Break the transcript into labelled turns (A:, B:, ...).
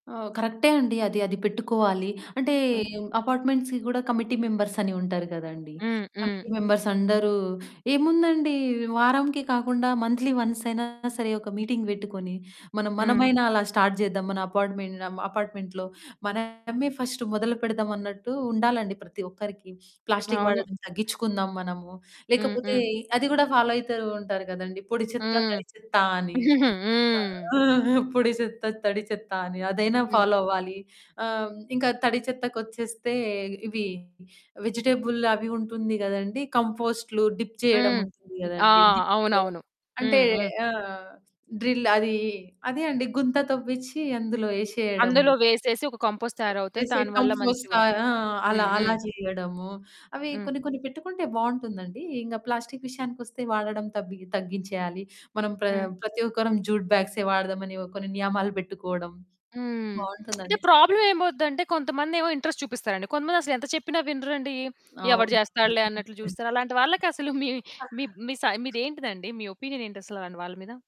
A: ఆ! కరెక్టే అండి. అది అది పెట్టుకోవాలి. అంటే
B: హ్మ్.
A: అపార్ట్మెంట్స్‌కి కూడా కమిటీ మెంబర్స్ అని ఉంటారు కదండీ.
B: హ్మ్, హ్మ్.
A: కమిటీ మెంబర్స్ అందరూ ఏముందండి వారంకి కాకుండా మంత్లీ వన్స్ అయినా సరే, ఒక మీటింగ్ పెట్టుకొని మనం
B: హ్మ్.
A: మనమైనా అలా స్టార్ట్ చేద్దాం. మన అపార్ట్మెన్ ఆహ్, అపార్ట్మెంట్‌లో మనమే ఫస్ట్ మొదలు పెడదాం, అన్నట్టు ఉండాలండి ప్రతి ఒక్కరికి. ప్లాస్టికు
B: అవును.
A: వాడడం తగ్గించుకుందాం మనము,
B: హ్మ్,
A: లేకపోతే
B: హ్మ్.
A: అది కూడా ఫాలో అవుతూ ఉంటారు కదండీ! పొడి చెత్త,
B: హ్మ్.
A: తడి చెత్త అని. ఆ!
B: హ్మ్.
A: పొడి చెత్త, తడి చెత్త అని అదైనా ఫాలో
B: హ్మ్.
A: అవ్వాలి. ఆహ్, ఇంకా తడి చెత్తకొచ్చేస్తే ఇవి వెజిటబుల్ అవి ఉంటుంది కదండీ, కంపోస్టులు, డిప్ చేయడం
B: హ్మ్.
A: ఉంటుంది
B: ఆ!
A: కదండీ! డిప్
B: అవునవును.
A: అంటే
B: హ్మ్, హ్మ్.
A: ఆ! డ్రిల్ అది, అదే అండి గుంత తవ్విచ్చి అందులో యేసేయడము.
B: అందులో వేసేసి ఒక కంపోస్ట్ తయారవుతది.
A: వేసే
B: దాని వల్ల
A: కంపోస్టా
B: మంచిగుంటుంది.
A: ఆ! అలా
B: హ్మ్,
A: అలా
B: హ్మ్.
A: చేయడము, అవి
B: హ్మ్.
A: కొన్ని కొన్ని పెట్టుకుంటే బాగుంటుందండి. ఇంక ప్లాస్టికు విషయానికొస్తే వాడడం తబ్బి తగ్గించేయాలి. మనం ప్ర
B: హ్మ్.
A: ప్రతి ఒక్కరం జూట్ బ్యాగ్సే వాడదాం అని కొన్ని నియమాలు పెట్టుకోవడం,
B: హ్మ్. అంటే
A: బాగుంటుందండి చక్కగా.
B: ప్రాబ్లమ్ ఏమౌదంటే, కొంతమందేమో ఇంట్రెస్ట్ చూపిస్తారండి, కొంతమంది అసలు ఎంత చెప్పినా వినరండి. ఎవడు
A: అవునవును.
B: చేస్తాడులే అన్నట్లు చూస్తారు. అలాంటి వాళ్ళకసలు మీ మీ మీ సై మీదేంటిది అండి? మీ ఒపీనియన్ ఏంటి అసలు. అలాంటి వాళ్ళ మీద?